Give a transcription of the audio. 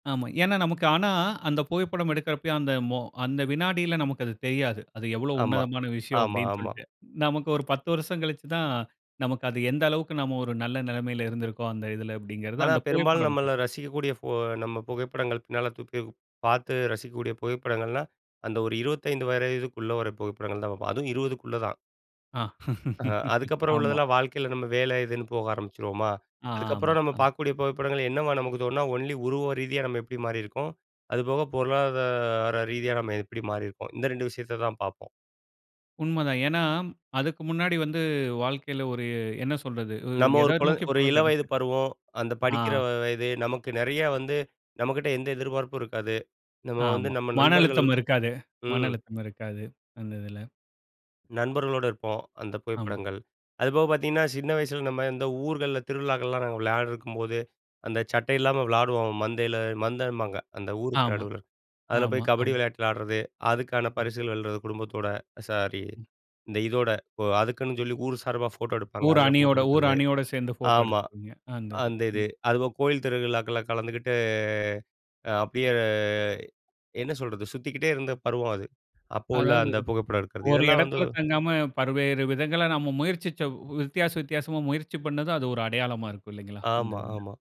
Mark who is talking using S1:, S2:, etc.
S1: ஆமா. ஏன்னா நமக்கு ஆனா, அந்த புகைப்படம் எடுக்கிறப்பயே, அந்த மொ அந்த வினாடில நமக்கு அது தெரியாது. அது எவ்வளோ
S2: ஆமா,
S1: உன்னதமான விஷயம்.
S2: ஆமா,
S1: அப்டின்னு
S2: ஆமா.
S1: சொல்லிட்டு. நமக்கு ஒரு பத்து வருஷம் கழிச்சு தான், நமக்கு அது எந்த அளவுக்கு நம்ம ஒரு நல்ல நிலமையில இருந்திருக்கோம், அந்த இதில. அப்படிங்கிறது
S2: ஆனா,
S1: அந்த
S2: பெரும்பாலும்
S1: புகைப்படம்
S2: நம்மள
S1: காட்டுது.
S2: ரசிக்கக்கூடிய ஃபோ நம்ம புகைப்படங்கள். பின்னால தூக்கிப் பார்த்து ரசிக்கக்கூடிய புகைப்படங்கள்லாம். அந்த ஒரு 25 வயதுக்குள்ள வர புகைப்படங்கள் தான் பார்போம். அதுவும் 20க்குள்ள தான்.
S1: அ.
S2: ஆஹா, அதுக்கப்புறம்
S1: ஆமா.
S2: உள்ளதெல்லாம் வாழ்க்கையில, நம்ம வேலை இதுன்னு போக ஆரம்பிச்சிருவோமா.
S1: ஆமா.
S2: அதுக்கப்புறம் நம்ம
S1: அ.
S2: பார்க்கக்கூடிய புகைப்படங்கள். என்னவா, நமக்கு தோணுனா, ஒன்லி உருவம் ரீதியா நம்ம எப்படி மாறியிருக்கோம்? அதுபோக, பொருளாதார ரீதியா நம்ம எப்டி மாறியிருக்கோம்? இந்த 2 விஷயத்த தான் பார்ப்போம்.
S1: உண்ம தான். ஏனா, அதுக்கு முன்னாடி வந்து, வாழ்க்கையில ஒரு என்ன சொல்றது? உ
S2: நம்ம ஒரு
S1: எத
S2: குழ
S1: நோக்கி
S2: ஒரு
S1: போறதுன்னு
S2: இளவயது
S1: தெரியல.
S2: பருவம், அந்த
S1: ஆ.
S2: படிக்கிற வ வயது. நமக்கு நெறையா வந்து, நம்மகிட்ட எந்த எதிர்பார்ப்பும் இருக்காது. நம்ம வந்து,
S1: ஆமா.
S2: நம்ம
S1: மன
S2: நண்பர்கள்
S1: அழுத்தம் இருக்காது. மன
S2: ம்.
S1: அழுத்தம் இருக்காது. அந்த இதில.
S2: நண்பர்களோட இருப்போம். அந்த
S1: ஆமா.
S2: புகைப்படங்கள். அதுபோக, பார்த்தீங்கன்னா சின்ன வயசில நம்ம இந்த ஊர்கள்ல, திருவிழாக்கள்லாம் நாங்க விளையாடருக்கும்போது, அந்த சட்டை இல்லாம விளாடுவோம் மந்தையில. மந்தைபாங்க. அந்த ஊருக்கு
S1: ஆமா,
S2: நடுவுல. அதில
S1: ஆமா,
S2: போய், கபடி
S1: ஆமா.
S2: விளையாட்டு விளையாடுறது. அதுக்கான
S1: ம்.
S2: பரிசுகள் வெல்றது, குடும்பத்தோட. சாரி,
S1: ம்.
S2: இந்த இதோட. இப்போ, அதுக்குன்னு சொல்லி, ஊர் சார்பா ஃபோட்டோ எடுப்பாங்க.
S1: ஊர்
S2: அதில ஃபோட்டோ
S1: அணியோட ஊர்
S2: எடுக்கிறது.
S1: அணியோட சேர்ந்து போட்டோ
S2: ஆமா,
S1: எடுத்துபீங்க. அந்த இது.
S2: அந்த இது.
S1: ம்.
S2: அதுபோக கோயில் திருவிழாக்கள்ல கலந்துக்கிட்டு, அப்படியே என்ன சொல்றது? சுத்திக்கிட்டே இருந்த பருவம். அது, அப்போ உள்ள
S1: அதாவது,
S2: அந்த புகைப்படம் எடுக்கிறது.
S1: ஒரு
S2: இதெல்லாம் வந்து
S1: எடத்துல தங்காம பல்வேறு விதங்களா நம்ம முயற்சிச்ச வித்தியாச, வித்தியாசமா முயற்சி பண்ணதும். அது ஒரு அடையாளமா இருக்கும். இல்லைங்களா. அந்த
S2: ஆமா,
S1: இதுல.
S2: ஆமா.